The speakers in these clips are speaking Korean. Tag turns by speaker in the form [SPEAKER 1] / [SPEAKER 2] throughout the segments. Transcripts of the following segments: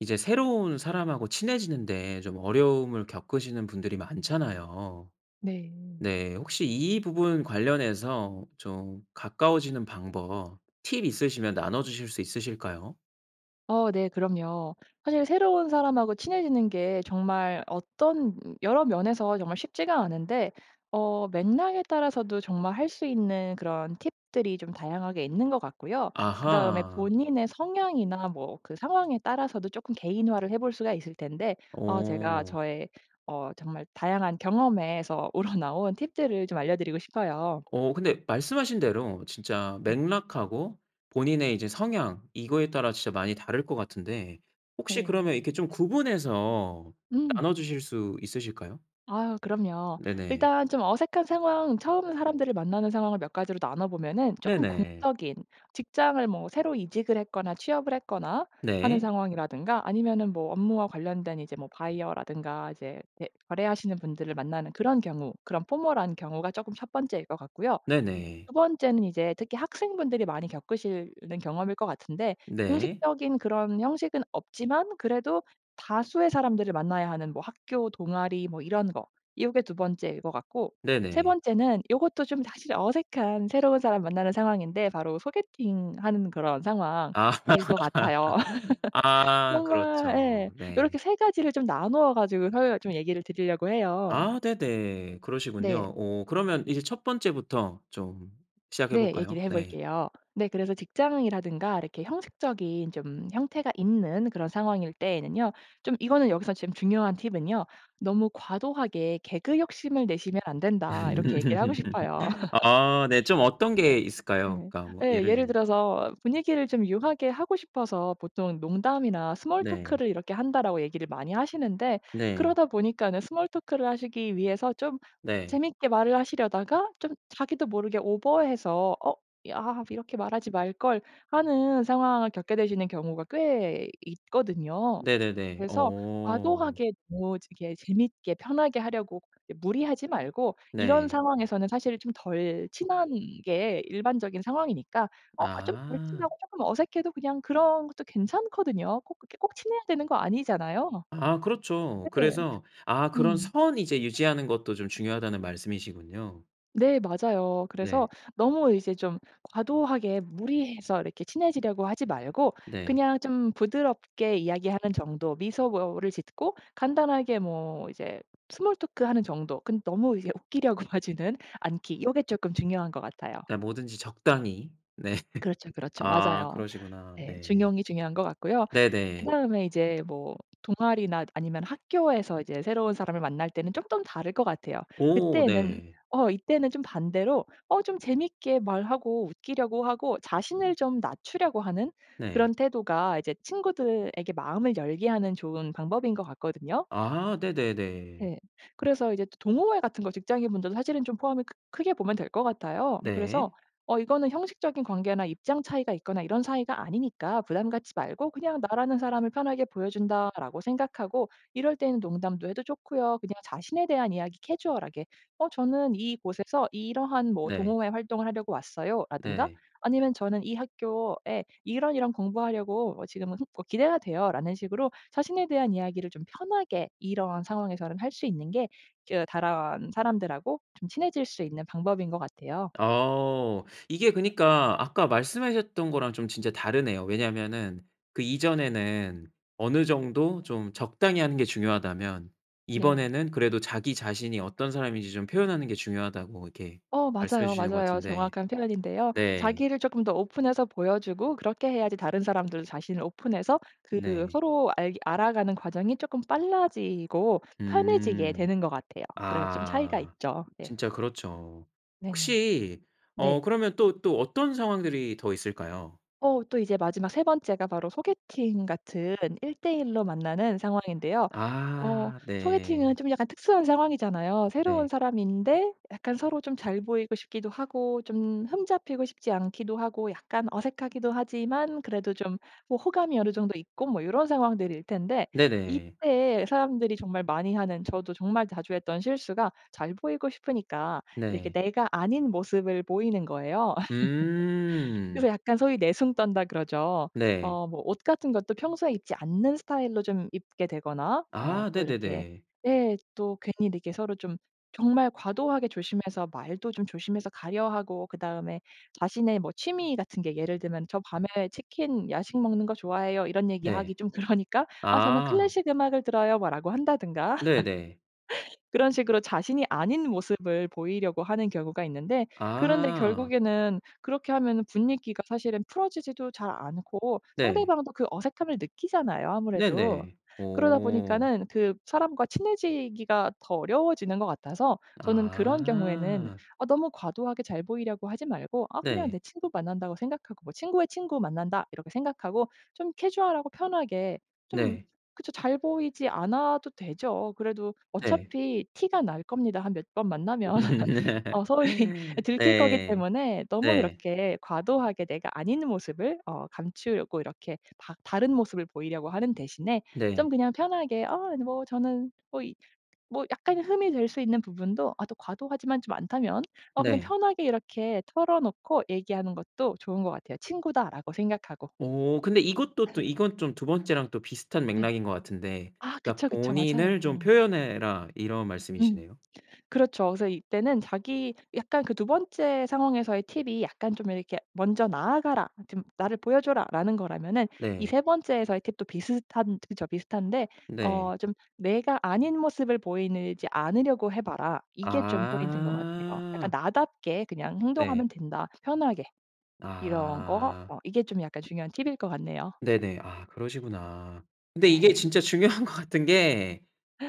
[SPEAKER 1] 이제 새로운 사람하고 친해지는 데 좀 어려움을 겪으시는 분들이 많잖아요.
[SPEAKER 2] 네.
[SPEAKER 1] 네 혹시 이 부분 관련해서 좀 가까워지는 방법 팁 있으시면 나눠주실 수 있으실까요?
[SPEAKER 2] 어 네 그럼요. 사실 새로운 사람하고 친해지는 게 정말 어떤 여러 면에서 정말 쉽지가 않은데 어 맥락에 따라서도 정말 할 수 있는 그런 팁들이 좀 다양하게 있는 것 같고요. 그다음에
[SPEAKER 1] 아하.
[SPEAKER 2] 본인의 성향이나 뭐 그 상황에 따라서도 조금 개인화를 해 볼 수가 있을 텐데 어 제가
[SPEAKER 1] 어.
[SPEAKER 2] 저의 어 정말 다양한 경험에서 우러나온 팁들을 좀 알려드리고 싶어요.
[SPEAKER 1] 어 근데 말씀하신 대로 진짜
[SPEAKER 2] 네.
[SPEAKER 1] 맥락하고 본인의 이제 성향 이거에 따라 진짜 많이 다를 것 같은데 혹시 그러면
[SPEAKER 2] 네.
[SPEAKER 1] 이렇게 좀 구분해서
[SPEAKER 2] 음.
[SPEAKER 1] 나눠주실 수 있으실까요?
[SPEAKER 2] 아유 그럼요.
[SPEAKER 1] 네네.
[SPEAKER 2] 일단 좀 어색한 상황 처음 사람들을 만나는 상황을 몇 가지로 나눠 보면은 쪼끔
[SPEAKER 1] 네네.
[SPEAKER 2] 공적인 직장을 뭐 새로 이직을 했거나 취업을 했거나 하는
[SPEAKER 1] 네.
[SPEAKER 2] 상황이라든가 아니면은 업무와 관련된 이제 뭐 바이어라든가 이제 대 거래하시는 분들을 만나는 그런 경우 그런 포멀한 경우가 조금 1 번째일 것 같고요.
[SPEAKER 1] 네네.
[SPEAKER 2] 2 번째는 이제 특히 학생분들이 많이 겪으실 는 경험일 것 같은데
[SPEAKER 1] 네.
[SPEAKER 2] 공식적인 그런 형식은 없지만 그래도 다수의 사람들을 만나야 하는 뭐 학교 동아리 뭐 이런 거. 요게 2 번째일 것 같고 3
[SPEAKER 1] 네네.
[SPEAKER 2] 번째는 요것도 좀 사실 어색한 새로운 사람 만나는 상황인데 바로 소개팅하는 그런 상황일
[SPEAKER 1] 아.
[SPEAKER 2] 것 같아요.
[SPEAKER 1] 아
[SPEAKER 2] 정말 예
[SPEAKER 1] 그렇죠. 네.
[SPEAKER 2] 이렇게 3 가지를 좀 나누어 가지고서 얘기를 드리려고 해요.
[SPEAKER 1] 아 네네.
[SPEAKER 2] 네.
[SPEAKER 1] 그러시군요. 오 그러면 이제 1 번째부터 좀 시작해
[SPEAKER 2] 네 얘기를
[SPEAKER 1] 볼까요?
[SPEAKER 2] 해
[SPEAKER 1] 네.
[SPEAKER 2] 볼게요. 네 그래서 직장이라든가 이렇게 형식적인 좀 형태가 있는 그런 상황일 때에는요. 좀 이거는 여기서 중요한 팁은요. "너무 과도하게 개그 욕심을 내시면 안 된다." 이렇게 얘기를 하고 싶어요.
[SPEAKER 1] 아 네. 좀 어떤 게 있을까요? 그러니까 뭐
[SPEAKER 2] 예.
[SPEAKER 1] 예를
[SPEAKER 2] 예를
[SPEAKER 1] 들면.
[SPEAKER 2] 들어서 분위기를 좀 유하게 하고 싶어서 보통은 "농담이나 스몰
[SPEAKER 1] 네.
[SPEAKER 2] 토크를 이렇게 한다."고 얘기를 많이 하시는데
[SPEAKER 1] 네.
[SPEAKER 2] 그러다 보니까는 스몰 토크를 하시기 위해서 좀
[SPEAKER 1] 네.
[SPEAKER 2] 재밌게 말을 하시려다가 좀 자기도 모르게 오버해서 '어 아 이렇게 말하지 말걸.' 하는 상황을 겪게 되시는 경우가 꽤 있거든요.
[SPEAKER 1] 네네네.
[SPEAKER 2] 그래서
[SPEAKER 1] 어.
[SPEAKER 2] 과도하게 뭐지게 재미있게 편하게 하려고 예 무리하지 말고 이런
[SPEAKER 1] 네.
[SPEAKER 2] 상황에서는 사실 좀 덜 친한 게 일반적인 상황이니까 어 좀 덜
[SPEAKER 1] 아.
[SPEAKER 2] 친하고 쪼끔 어색해도 그냥 그런 것도 괜찮거든요. 꼭 그렇게 꼭 친해야 되는 거 아니잖아요.
[SPEAKER 1] 아 그렇죠.
[SPEAKER 2] 네
[SPEAKER 1] 그래서 아 그런
[SPEAKER 2] 음.
[SPEAKER 1] 선 이제 유지하는 것도 좀 중요하다는 말씀이시군요.
[SPEAKER 2] 네 맞아요. 그래서
[SPEAKER 1] 네.
[SPEAKER 2] 너무 이제 좀 과도하게 무리해서 이렇게 친해지려고 하지 말고
[SPEAKER 1] 네.
[SPEAKER 2] 그냥 좀 부드럽게 이야기하는 정도 미소를 짓고 간단하게 뭐 이제 스몰 토크 하는 정도. 근데 너무 이제 웃기려고 하지는 않기. 요게 조금 중요한 것 같아요.
[SPEAKER 1] 그냥 뭐든지 적당히. 네.
[SPEAKER 2] 그렇죠, 그렇죠.
[SPEAKER 1] 아
[SPEAKER 2] 맞아요.
[SPEAKER 1] 그러시구나.
[SPEAKER 2] 네.
[SPEAKER 1] 네.
[SPEAKER 2] 중용이 중요한 것 같고요.
[SPEAKER 1] 네네.
[SPEAKER 2] 그다음에 이제 뭐 동아리나 아니면 학교에서 이제 새로운 사람을 만날 때는 조금 다를 것 같아요.
[SPEAKER 1] 오.
[SPEAKER 2] 그때에는
[SPEAKER 1] 네.
[SPEAKER 2] 어 이때는 좀 반대로 어 좀 재미있게 말하고 웃기려고 하고 자신을 좀 낮추려고 하는
[SPEAKER 1] 네.
[SPEAKER 2] 그런 태도가 이제 친구들에게 마음을 열게 하는 좋은 방법인 것 같거든요.
[SPEAKER 1] 아. 네네네.
[SPEAKER 2] 네. 그래서 이제 또 동호회 같은 거 직장인 분들도 사실은 좀 포함이 크 크게 보면 될 것 같아요. 그래서
[SPEAKER 1] 네.
[SPEAKER 2] 어 이거는 형식적인 관계나 입장 차이가 있거나 이런 사이가 아니니까 부담 갖지 말고 그냥 '나라는 사람을 편하게 보여 준다.'라고 생각하고 이럴 때는 농담도 해도 좋고요. 그냥 자신에 대한 이야기 캐주얼하게 "어 저는 이곳에서 이러한 뭐
[SPEAKER 1] 네.
[SPEAKER 2] 동호회 활동을 하려고 왔어요."라든가
[SPEAKER 1] 네.
[SPEAKER 2] 아니면 "저는 이 학교에 이런 이런 공부하려고 어 지금은 흠 뭐 기대가 돼요."라는 식으로 자신에 대한 이야기를 좀 편하게 이런 상황에서는 할 수 있는 게 저 다른사람들하고 좀 친해질 수 있는 방법인 것 같아요.
[SPEAKER 1] 아. 이게 그니까 아까 말씀하셨던 거랑 좀 진짜 다르네요. 왜냐하면은 그 이전에는 어느 정도 좀 적당히 하는 게 중요하다면
[SPEAKER 2] 네.
[SPEAKER 1] 이번에는 그래도 "자기 자신이 어떤 사람인지 좀 표현하는 게 중요하다."고 이렇게
[SPEAKER 2] 어
[SPEAKER 1] 말씀해
[SPEAKER 2] 맞아요,
[SPEAKER 1] 주시는 것
[SPEAKER 2] 맞아요.
[SPEAKER 1] 같은데
[SPEAKER 2] 정확한 표현인데요.
[SPEAKER 1] 네.
[SPEAKER 2] 자기를 쪼끔 더 오픈해서 보여주고 그렇게 해야지 다른 사람들도 자신을 오픈해서 그
[SPEAKER 1] 네.
[SPEAKER 2] 서로 알게 알아가는 과정이 조금 빨라지고 편해지게
[SPEAKER 1] 음.
[SPEAKER 2] 되는 것 같아요. 그래서 좀 차이가
[SPEAKER 1] 아.
[SPEAKER 2] 있죠. 예.
[SPEAKER 1] 진짜 그렇죠.
[SPEAKER 2] 네네.
[SPEAKER 1] 혹시 어
[SPEAKER 2] 네.
[SPEAKER 1] 그러면 또 또 어떤 상황들이 더 있을까요?
[SPEAKER 2] 어 또 이제 마지막 3 번째가 바로 소개팅 같은 1 대 1 로 만나는 상황인데요. 어
[SPEAKER 1] 아
[SPEAKER 2] 소개팅은
[SPEAKER 1] 네.
[SPEAKER 2] 좀 약간 특수한 상황이잖아요. 새로운
[SPEAKER 1] 네.
[SPEAKER 2] 사람인데 약간 서로 좀 잘 보이고 싶기도 하고 좀 흠 잡히고 싶지 않기도 하고 약간 어색하기도 하지만 그래도 좀 어 호감이 어느 정도 있고 뭐 요런 상황들일 텐데
[SPEAKER 1] 네네.
[SPEAKER 2] 이때 사람들이 정말 많이 하는 저도 정말 자주 했던 실수가 잘 보이고 싶으니까 이렇게
[SPEAKER 1] 네.
[SPEAKER 2] 내가 아닌 모습을 보이는 거예요. 그래서
[SPEAKER 1] 음.
[SPEAKER 2] 약간 소위 "내숭 떤다." 그러죠.
[SPEAKER 1] 네.
[SPEAKER 2] 어 뭐 옷 같은 것도 평소에 입지 않는 스타일로 좀 입게 되거나 어
[SPEAKER 1] 아
[SPEAKER 2] 또 이렇게
[SPEAKER 1] 네네네.
[SPEAKER 2] 예 또 괜히 이렇게 서로 좀 정말 과도하게 조심해서 말도 좀 조심해서 가려 하고 그 다음에 자신의 뭐 취미 같은 게 예를 들면 "저 밤에 치킨 야식 먹는 거 좋아해요." 이런
[SPEAKER 1] 네.
[SPEAKER 2] 얘기하기 좀 그러니까 "아 저는
[SPEAKER 1] 아.
[SPEAKER 2] 클래식 음악을 들어요." 뭐 라고 한다든가
[SPEAKER 1] 네네.
[SPEAKER 2] 그런 식으로 자신이 아닌 모습을 보이려고 하는 경우가 있는데 그런데
[SPEAKER 1] 아.
[SPEAKER 2] 결국에는 그렇게 하면은 분위기가 사실은 풀어지지도 잘 않고
[SPEAKER 1] 네.
[SPEAKER 2] 상대방도 그 어색함을 느끼잖아요 아무래도.
[SPEAKER 1] 네네.
[SPEAKER 2] 그러다
[SPEAKER 1] 오.
[SPEAKER 2] 보니까는 그 사람과 친해지기가 더 어려워지는 것 같아서 저는 그런 경우에는
[SPEAKER 1] 아.
[SPEAKER 2] 어 너무 과도하게 잘 보이려고 하지 말고 아 '그냥
[SPEAKER 1] 네.
[SPEAKER 2] 내 친구 만난다.'고 생각하고 '친구의 친구 만난다.' 이렇게 생각하고 좀 캐주얼하고 편하게 좀
[SPEAKER 1] 네.
[SPEAKER 2] 그쵸. 잘 보이지 않아도 되죠. 그래도
[SPEAKER 1] 네.
[SPEAKER 2] 어차피 티가 날 겁니다 한 몇 번 만나면. 어 소위 아 들킬 거기
[SPEAKER 1] 네.
[SPEAKER 2] 때문에 너무
[SPEAKER 1] 네.
[SPEAKER 2] 그렇게 과도하게 내가 아닌 모습을 어 감추려고 이렇게 다 다른 모습을 보이려고 하는 대신에 좀
[SPEAKER 1] 네.
[SPEAKER 2] 그냥 편하게 "어 아니 뭐 저는 뭐 이" 뭐 약간의 흠이 될 수 있는 부분도 아 또 과도하지만 좀 않다면 어 그냥
[SPEAKER 1] 네.
[SPEAKER 2] 편하게 이렇게 털어놓고 얘기하는 것도 좋은 것 같아요 '친구다.'라고 생각하고.
[SPEAKER 1] 어 근데 이것도 또 이건 좀 2 번째랑 또 비슷한
[SPEAKER 2] 네.
[SPEAKER 1] 맥락인 것 같은데
[SPEAKER 2] 아
[SPEAKER 1] 그러니까
[SPEAKER 2] 그쵸, 그쵸.
[SPEAKER 1] "본인을 좀
[SPEAKER 2] 맞아요.
[SPEAKER 1] 표현해라." 이런
[SPEAKER 2] 음.
[SPEAKER 1] 말씀이시네요?
[SPEAKER 2] 그렇죠. 그래서 이때는 자기 약간 그 2 번째 상황에서의 팁이 약간 좀 이렇게 "먼저 나아가라. 좀 나를 보여줘라."라는 거라면은 이
[SPEAKER 1] 네.
[SPEAKER 2] 3 번째에서의 팁도 비슷한 저 저 비슷한데 어
[SPEAKER 1] 네.
[SPEAKER 2] 좀 "내가 아닌 모습을 보이느 지 않으려고 해 봐라." 이게 좀 포인트인 것 같아요. 약간
[SPEAKER 1] 아.
[SPEAKER 2] "나답게 그냥
[SPEAKER 1] 네.
[SPEAKER 2] 행동하면 된다 편하게." 이런 거
[SPEAKER 1] 아.
[SPEAKER 2] 어 이게 좀 약간 중요한 팁일 것 같네요.
[SPEAKER 1] 네네 아 그러시구나. 근데 이게
[SPEAKER 2] 네.
[SPEAKER 1] 진짜 중요한 것 같은 게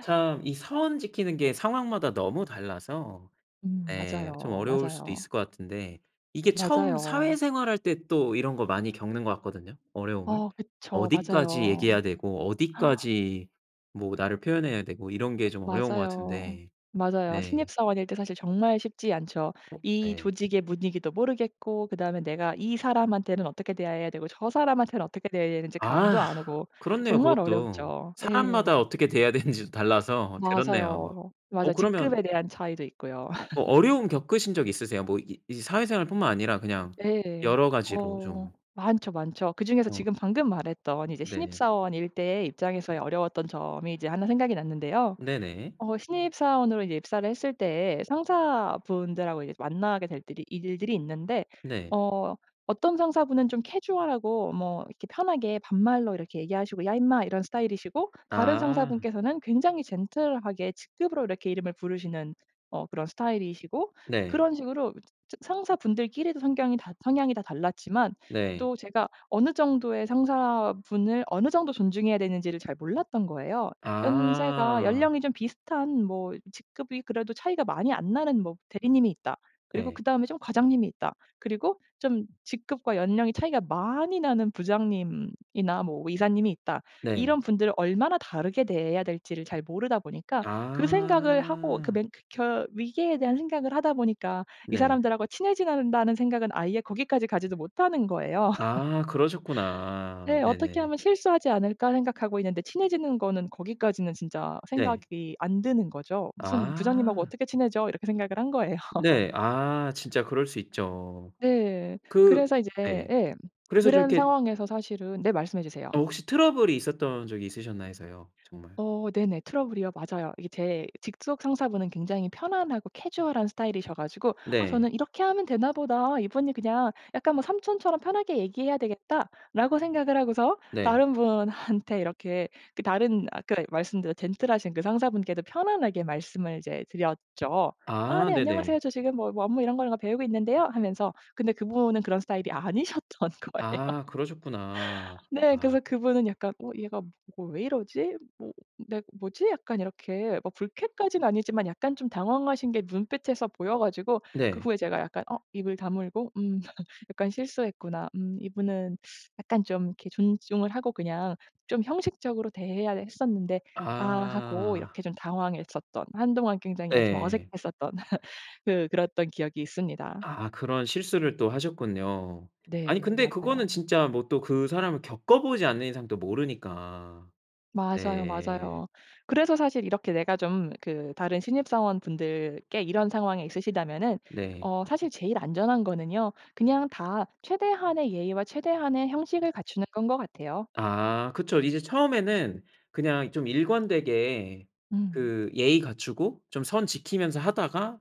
[SPEAKER 1] 참 이 선 지키는 게 상황마다 너무 달라서
[SPEAKER 2] 음
[SPEAKER 1] 예 좀
[SPEAKER 2] 맞아요.
[SPEAKER 1] 어려울 수도
[SPEAKER 2] 맞아요.
[SPEAKER 1] 있을 것 같은데 이게 처음
[SPEAKER 2] 맞아요.
[SPEAKER 1] 사회생활할 때 또 이런 거 많이 겪는 것 같거든요 어려움을?
[SPEAKER 2] 어 그쵸.
[SPEAKER 1] 어디까지
[SPEAKER 2] 맞아요.
[SPEAKER 1] 얘기해야 되고 어디까지 뭐 나를 표현해야 되고 이런 게 좀 어려운 것
[SPEAKER 2] 맞아요.
[SPEAKER 1] 같은데
[SPEAKER 2] 맞아요.
[SPEAKER 1] 네.
[SPEAKER 2] 신입 사원일 때 사실 정말 쉽지 않죠.
[SPEAKER 1] 어
[SPEAKER 2] 이
[SPEAKER 1] 예.
[SPEAKER 2] 조직의 분위기도 모르겠고 그다음에 내가 이 사람한테는 어떻게 대해야 되고 저 사람한테는 어떻게 대해야 되는지
[SPEAKER 1] 아.
[SPEAKER 2] 감도 안 오고
[SPEAKER 1] 그렇네요
[SPEAKER 2] 정말
[SPEAKER 1] 그것도.
[SPEAKER 2] 어렵죠.
[SPEAKER 1] 사람마다
[SPEAKER 2] 예.
[SPEAKER 1] 어떻게 대해야 되는지도 달라서 그렇네요.
[SPEAKER 2] 맞아요.
[SPEAKER 1] 어
[SPEAKER 2] 맞아요.
[SPEAKER 1] 그러면
[SPEAKER 2] 직급에 대한 차이도 있고요.
[SPEAKER 1] 뭐 어려움 겪으신 적 있으세요? 뭐 이 이제 사회생활뿐만 아니라 그냥
[SPEAKER 2] 네.
[SPEAKER 1] 여러 가지로
[SPEAKER 2] 어
[SPEAKER 1] 좀.
[SPEAKER 2] 많죠, 많죠. 그 중에서
[SPEAKER 1] 어.
[SPEAKER 2] 지금 방금 말했던 이제 신입
[SPEAKER 1] 네.
[SPEAKER 2] 사원일 때의 입장에서의 어려웠던 점이 이제 1 생각이 났는데요.
[SPEAKER 1] 네네.
[SPEAKER 2] 어 신입 사원으로 이제 입사를 했을 때 상사분들하고 이제 만나게 될들이 일들이 있는데
[SPEAKER 1] 네.
[SPEAKER 2] 어 어떤 상사분은 좀 캐주얼하고 뭐 이렇게 편하게 반말로 이렇게 얘기하시고 "야 임마." 이런 스타일이시고 다른
[SPEAKER 1] 아.
[SPEAKER 2] 상사분께서는 굉장히 젠틀하게 직급으로 이렇게 이름을 부르시는 어 그런 스타일이시고
[SPEAKER 1] 네.
[SPEAKER 2] 그런 식으로 이 저 상사분들끼리도 성걍이 다 성향이 다 달랐지만
[SPEAKER 1] 네.
[SPEAKER 2] 또 제가 어느 정도의 상사분을 어느 정도 존중해야 되는지를 잘 몰랐던 거예요. 연세가
[SPEAKER 1] 아.
[SPEAKER 2] 연령이 좀 비슷한 뭐 직급이 그래도 차이가 많이 안 나는 뭐 대리님이 있다. 그리고
[SPEAKER 1] 네.
[SPEAKER 2] 그다음에 좀 과장님이 있다. 그리고 좀 직급과 연령이 차이가 많이 나는 부장님이나 뭐 이사님이 있다.
[SPEAKER 1] 네.
[SPEAKER 2] 이런 분들을 얼마나 다르게 대해야 될지를 잘 모르다 보니까 그 생각을 하고 그
[SPEAKER 1] 아.
[SPEAKER 2] 맨크켜 위기에 대한 생각을 하다 보니까 '이
[SPEAKER 1] 네.
[SPEAKER 2] 사람들하고 친해져야 된다.'는 생각은 아예 거기까지 가지도 못하는 거예요.
[SPEAKER 1] 아. 그러셨구나.
[SPEAKER 2] 네. '어떻게
[SPEAKER 1] 네네.
[SPEAKER 2] 하면 실수하지 않을까.' 생각하고 있는데 친해지는 거는 거기까지는 진짜
[SPEAKER 1] 네.
[SPEAKER 2] 생각이 안 드는 거죠. 무슨 '부장님하고
[SPEAKER 1] 아.
[SPEAKER 2] 어떻게 친해져?' 이렇게 생각을 한 거예요.
[SPEAKER 1] 네. 아 진짜 그럴 수 있죠.
[SPEAKER 2] 네.
[SPEAKER 1] 그
[SPEAKER 2] 그래서 이제
[SPEAKER 1] 네.
[SPEAKER 2] 예
[SPEAKER 1] 그래서 좀
[SPEAKER 2] 그런
[SPEAKER 1] 이렇게
[SPEAKER 2] 상황에서 사실은 네 말씀해주세요.
[SPEAKER 1] 어 혹시 트러블이 있었던 적이 있으셨나 해서요. 정말.
[SPEAKER 2] 어 네네 트러블이요. 맞아요. 이게 제 직속 상사 분은 굉장히 편안하고 캐주얼한 스타일이셔 가지고 아
[SPEAKER 1] 네.
[SPEAKER 2] 저는 '이렇게 하면 되나 보다 이분이 그냥 약간 뭐 삼촌처럼 편하게 얘기해야 되겠다.'라고 생각을 하고서
[SPEAKER 1] 네.
[SPEAKER 2] 다른 분한테 이렇게 그 다른 아까 말씀드린 젠틀하신 그 상사분께도 편안하게 말씀을 이제 드렸죠. "아
[SPEAKER 1] 아
[SPEAKER 2] 네 안녕하세요.
[SPEAKER 1] 네네.
[SPEAKER 2] 저 지금 뭐 업무 이런 걸 배우고 있는데요." 하면서 근데 그분은 그런 스타일이 아니셨던 거예요.
[SPEAKER 1] 아 그러셨구나.
[SPEAKER 2] 네.
[SPEAKER 1] 아.
[SPEAKER 2] 그래서 그분은 약간 '어 얘가 뭐 왜 이러지?' 뭐 네. '뭐지?' 약간 이렇게 불쾌까지는 아니지만 약간 좀 당황하신 게 눈빛에서 보여 가지고 그
[SPEAKER 1] 네.
[SPEAKER 2] 후에 제가 약간 어 입을 다물고 음 약간 '실수했구나. 음 이분은 약간 좀 이렇게 존중을 하고 그냥 좀 형식적으로 대해야 했었는데 아.' 하고 이렇게
[SPEAKER 1] 아.
[SPEAKER 2] 좀 당황했었던 한동안 굉장히 아 좀
[SPEAKER 1] 네.
[SPEAKER 2] 어색했었던 그 그랬던 기억이 있습니다.
[SPEAKER 1] 아 그런 실수를 또 하셨군요. 아니
[SPEAKER 2] 네.
[SPEAKER 1] 근데 그거는
[SPEAKER 2] 맞아요.
[SPEAKER 1] 진짜 뭐 또 그 사람을 겪어보지 않는 이상 또 모르니까.
[SPEAKER 2] 맞아요,
[SPEAKER 1] 네.
[SPEAKER 2] 맞아요. 그래서 사실 이렇게 내가 좀 그 다른 신입 사원분들께 이런 상황이 있으시다면은
[SPEAKER 1] 네.
[SPEAKER 2] 어 사실 제일 안전한 거는요. 그냥 다 최대한의 예의와 최대한의 형식을 갖추는 건 것 같아요.
[SPEAKER 1] 아. 그쵸. 이제 처음에는 그냥 좀 일관되게
[SPEAKER 2] 음.
[SPEAKER 1] 그 예의 갖추고 좀 선 지키면서 하다가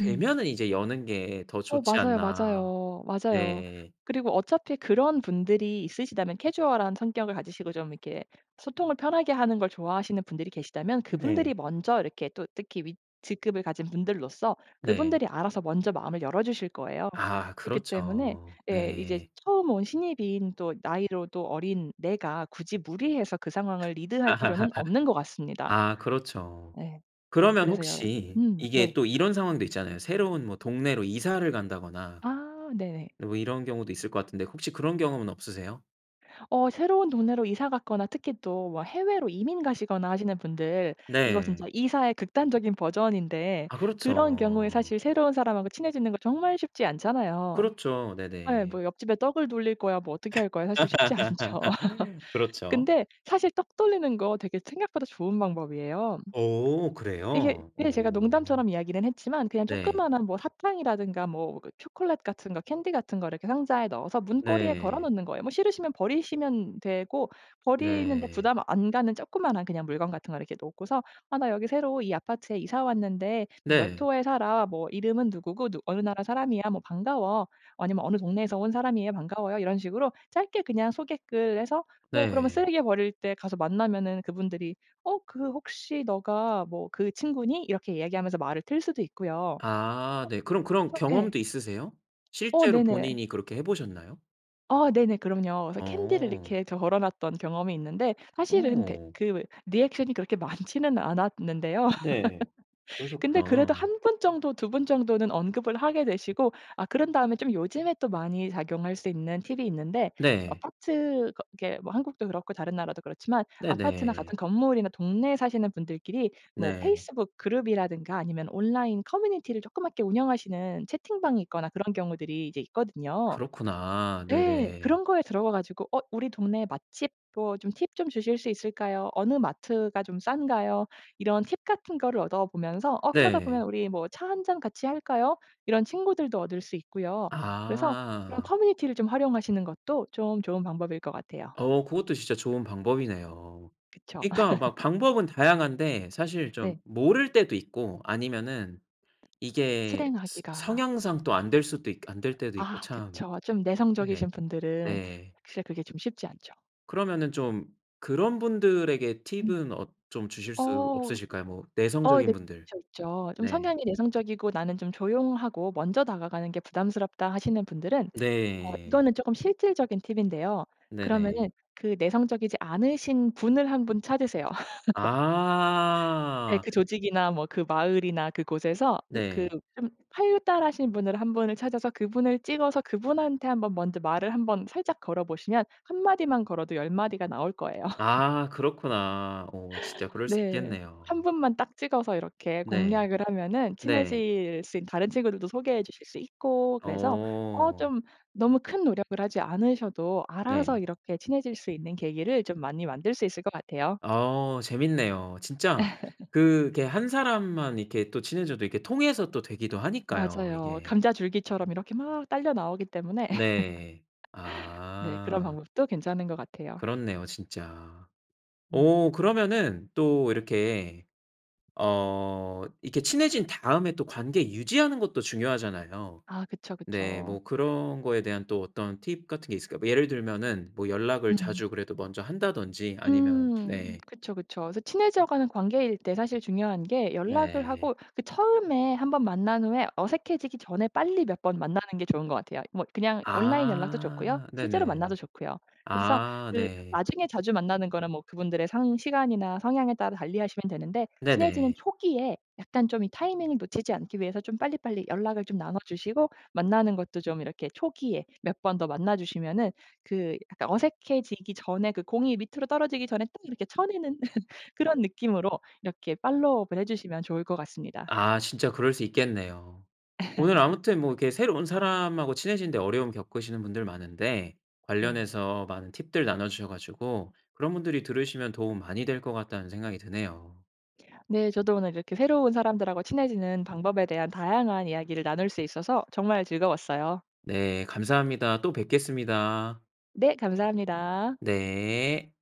[SPEAKER 2] 음.
[SPEAKER 1] 이제 여는 게 더
[SPEAKER 2] 어
[SPEAKER 1] 좋지
[SPEAKER 2] 맞아요,
[SPEAKER 1] 않나.'
[SPEAKER 2] 맞아요. 맞아요.
[SPEAKER 1] 네.
[SPEAKER 2] 그리고 어차피 그런 분들이 있으시다면 캐주얼한 성격을 가지시고 좀 이렇게 소통을 편하게 하는 걸 좋아하시는 분들이 계시다면 그분들이
[SPEAKER 1] 네.
[SPEAKER 2] 먼저 이렇게 또 특히 윗 직급을 가진 분들로서
[SPEAKER 1] 네.
[SPEAKER 2] 그분들이 알아서 먼저 마음을 열어 주실 거예요.
[SPEAKER 1] 아
[SPEAKER 2] 그렇기 때문에
[SPEAKER 1] 그렇죠
[SPEAKER 2] 예 이제
[SPEAKER 1] 네.
[SPEAKER 2] 처음 온 신입인 또 나이로도 어린 내가 굳이 무리해서 그 상황을 리드할 필요는 없는 것 같습니다.
[SPEAKER 1] 아 그렇죠.
[SPEAKER 2] 네. 네
[SPEAKER 1] 그러면
[SPEAKER 2] 그래서요
[SPEAKER 1] 혹시
[SPEAKER 2] 음
[SPEAKER 1] 이게
[SPEAKER 2] 네.
[SPEAKER 1] 또 이런 상황도 있잖아요. 새로운 뭐 동네로 이사를 간다거나
[SPEAKER 2] 아 네네.
[SPEAKER 1] 뭐 이런 경우도 있을 것 같은데 혹시 그런 경험은 없으세요?
[SPEAKER 2] 어 새로운 동네로 이사 갔거나 특히 또 막 해외로 이민 가시거나 하시는 분들 이거 진짜
[SPEAKER 1] 네.
[SPEAKER 2] 이사의 극단적인 버전인데
[SPEAKER 1] 아
[SPEAKER 2] 그런 경우에
[SPEAKER 1] 그렇죠.
[SPEAKER 2] 사실 새로운 사람하고 친해지는 거 정말 쉽지 않잖아요.
[SPEAKER 1] 그렇죠
[SPEAKER 2] 예
[SPEAKER 1] 네네.
[SPEAKER 2] 뭐 옆집에 떡을 돌릴 거야 뭐 어떻게 할 거야 사실 쉽지 않죠.
[SPEAKER 1] 그렇죠.
[SPEAKER 2] 근데 사실 떡 돌리는 거 되게 생각보다 좋은 방법이에요.
[SPEAKER 1] 오
[SPEAKER 2] 이게
[SPEAKER 1] 그래요?
[SPEAKER 2] 예 제가
[SPEAKER 1] 오.
[SPEAKER 2] 농담처럼 이야기는 했지만 그냥
[SPEAKER 1] 네.
[SPEAKER 2] 조그마한 뭐 사탕이라든가 뭐 그 초콜릿 같은 거 캔디 같은 걸 이렇게 상자에 넣어서 문고리에 걸어
[SPEAKER 1] 네.
[SPEAKER 2] 놓는 거예요. 뭐 싫으시면 버리시면 되고 버리는데
[SPEAKER 1] 네.
[SPEAKER 2] 부담 안 가는 조그마한 그냥 물건 같은 걸 놓고서 "아 나 여기 새로 이 아파트에 이사 왔는데 몇
[SPEAKER 1] 네.
[SPEAKER 2] 호에 살아. 뭐 이름은 누구고 누 어느 나라 사람이야. 뭐 반가워." 아니면 "어느 동네에서 온 사람이에요. 반가워요." 이런 식으로 짧게 그냥 소개글 해서 뭐 그러면
[SPEAKER 1] 네.
[SPEAKER 2] 쓰레기 버릴 때 가서 만나면은 그분들이 "어 그 혹시 너가 뭐 그 친구니?" 이렇게 이야기하면서 말을 틀 수도 있고요. 어
[SPEAKER 1] 아 네 그럼 그런
[SPEAKER 2] 그래서 예.
[SPEAKER 1] 경험도 있으세요?
[SPEAKER 2] 어
[SPEAKER 1] 실제로
[SPEAKER 2] 네네.
[SPEAKER 1] 본인이 그렇게 해 보셨나요?
[SPEAKER 2] 아 네네 그럼요. 그래서 캔디를
[SPEAKER 1] 어.
[SPEAKER 2] 이렇게 저 걸어놨던 경험이 있는데 사실은 대
[SPEAKER 1] 오.
[SPEAKER 2] 그 리액션이 그렇게 많지는 않았는데요.
[SPEAKER 1] 네.
[SPEAKER 2] 근데
[SPEAKER 1] 그러셨구나.
[SPEAKER 2] 그래도 1 분 정도 2 분 정도는 언급을 하게 되시고 아 그런 다음에 좀 요즘에 또 많이 작용할 수 있는 팁이 있는데
[SPEAKER 1] 네.
[SPEAKER 2] 아파트 거 그렇게 뭐 한국도 그렇고 다른 나라도 그렇지만 아파트나 같은
[SPEAKER 1] 네네.
[SPEAKER 2] 건물이나 동네에 사시는 분들끼리 뭐
[SPEAKER 1] 네.
[SPEAKER 2] 페이스북 그룹이라든가 아니면 온라인 커뮤니티를 조그맣게 운영하시는 채팅방이 있거나 그런 경우들이 이제 있거든요.
[SPEAKER 1] 그렇구나.
[SPEAKER 2] 예
[SPEAKER 1] 네네.
[SPEAKER 2] 그런 거에 들어가 가지고 "어 우리 동네 맛집 뭐 좀 팁 좀 주실 수 있을까요? 어느 마트가 좀 싼가요?" 이런 팁 같은 거를 얻어 보면서 어 그러다 보면
[SPEAKER 1] 네.
[SPEAKER 2] "우리 뭐 차 1 잔 같이 할까요?" 이런 친구들도 얻을 수 있고요. 그래서 그런
[SPEAKER 1] 아.
[SPEAKER 2] 커뮤니티를 좀 활용하시는 것도 좀 좋은 방법일 것 같아요.
[SPEAKER 1] 어 그것도 진짜 좋은 방법이네요.
[SPEAKER 2] 그쵸.
[SPEAKER 1] 그러니까 막 방법은 다양한데 사실 좀
[SPEAKER 2] 네.
[SPEAKER 1] 모를 때도 있고 아니면 이게 스
[SPEAKER 2] 실행하기가
[SPEAKER 1] 성향상 또 안 될 수도 있 안 될 때도 있고
[SPEAKER 2] 아
[SPEAKER 1] 참.
[SPEAKER 2] 그쵸. 좀 내성적이신
[SPEAKER 1] 네.
[SPEAKER 2] 분들은
[SPEAKER 1] 네.
[SPEAKER 2] 사실 그게 좀 쉽지 않죠.
[SPEAKER 1] 그러면은 좀 그런 분들에게
[SPEAKER 2] 음.
[SPEAKER 1] 팁은 어 좀 주실 수
[SPEAKER 2] 어.
[SPEAKER 1] 없으실까요? 뭐
[SPEAKER 2] 어 네
[SPEAKER 1] 내성적인 분들.
[SPEAKER 2] 있죠, 있죠. 좀
[SPEAKER 1] 네.
[SPEAKER 2] 성향이 내성적이고 '나는 좀 조용하고 먼저 다가가는 게 부담스럽다.' 하시는 분들은 어
[SPEAKER 1] 네.
[SPEAKER 2] 이거는 쪼끔 실질적인 팁인데요.
[SPEAKER 1] 네네.
[SPEAKER 2] 그러면은 그 내성적이지 않으신 분을 1 분 찾으세요. 예,
[SPEAKER 1] 아.
[SPEAKER 2] 그 조직이나 뭐 그 마을이나 그곳에서 그 그
[SPEAKER 1] 네.
[SPEAKER 2] 좀 활달하신 분을 1 분을 찾아서 그분을 찍어서 그분한테 한번 먼저 말을 한번 살짝 걸어 보시면 1 마디만 걸어도 10 마디가 나올 거예요.
[SPEAKER 1] 아 그렇구나. 어 진짜 그럴 수
[SPEAKER 2] 네.
[SPEAKER 1] 있겠네요.
[SPEAKER 2] 1 분만 딱 찍어서 이렇게
[SPEAKER 1] 네.
[SPEAKER 2] 공략을 하면은
[SPEAKER 1] 네.
[SPEAKER 2] 친해질 수 있 다른 친구들도 소개해 주실 수 있고 그래서 어
[SPEAKER 1] 오.
[SPEAKER 2] 좀 너무 큰 노력을 하지 않으셔도 알아서
[SPEAKER 1] 네.
[SPEAKER 2] 이렇게 친해질 수 있는 계기를 좀 많이 만들 수 있을 것 같아요.
[SPEAKER 1] 아 재밌네요. 진짜 그게 1 사람만 이렇게 또 친해져도 이렇게 통해서 또 되기도 하니까요
[SPEAKER 2] 맞아요.
[SPEAKER 1] 이게.
[SPEAKER 2] 감자 줄기처럼 이렇게 막 딸려 나오기 때문에
[SPEAKER 1] 네.
[SPEAKER 2] 네 그런
[SPEAKER 1] 아.
[SPEAKER 2] 방법도 괜찮은 것 같아요.
[SPEAKER 1] 그렇네요 진짜.
[SPEAKER 2] 음.
[SPEAKER 1] 오 그러면은 또 이렇게 어 이렇게 친해진 다음에 또 관계 유지하는 것도 중요하잖아요.
[SPEAKER 2] 아 그쵸,
[SPEAKER 1] 네
[SPEAKER 2] 그쵸.
[SPEAKER 1] 뭐 그런 거에 대한 또 어떤 팁 같은 게 있을까요? 예를 들면은 뭐 연락을
[SPEAKER 2] 음.
[SPEAKER 1] 자주 그래도 먼저 한다든지 아니면
[SPEAKER 2] 음
[SPEAKER 1] 네.
[SPEAKER 2] 그쵸, 그쵸. 그래서 친해져 가는 관계일 때 사실 중요한 게 연락을
[SPEAKER 1] 네.
[SPEAKER 2] 하고 그 처음에 1 번 만난 후에 어색해지기 전에 빨리 몇 번 만나는 게 좋은 것 같아요. 뭐 그냥 온라인 연락도 좋고요.
[SPEAKER 1] 아
[SPEAKER 2] 실제로 만나도
[SPEAKER 1] 네네.
[SPEAKER 2] 좋고요. 그래서
[SPEAKER 1] 아
[SPEAKER 2] 그
[SPEAKER 1] 네.
[SPEAKER 2] 나중에 자주 만나는 거는 뭐 그분들의 상 시간이나 성향에 따라 달리 하시면 되는데 친해지는
[SPEAKER 1] 네네.
[SPEAKER 2] 초기에 약간 좀 이 타이밍을 놓치지 않기 위해서 좀 빨리빨리 연락을 좀 나눠 주시고 만나는 것도 좀 이렇게 초기에 몇 번 더 만나 주시면은 그 약간 어색해지기 전에 그 공이 밑으로 떨어지기 전에 딱 이렇게 쳐내는 그런 느낌으로 이렇게 팔로우업을 해 주시면 좋을 것 같습니다.
[SPEAKER 1] 아 진짜 그럴 수 있겠네요. 오늘 아무튼 뭐 이렇게 새로운 사람하고 친해지는 데 어려움 겪으시는 분들 많은데
[SPEAKER 2] 네.
[SPEAKER 1] 관련해서 많은 팁들 나눠 주셔 가지고 그런 분들이 들으시면 도움 많이 될 것 같다는 생각이 드네요.
[SPEAKER 2] 네 저도 오늘 이렇게 새로운 사람들하고 친해지는 방법에 대한 다양한 이야기를 나눌 수 있어서 정말 즐거웠어요.
[SPEAKER 1] 네 감사합니다. 또 뵙겠습니다.
[SPEAKER 2] 네 감사합니다.
[SPEAKER 1] 네.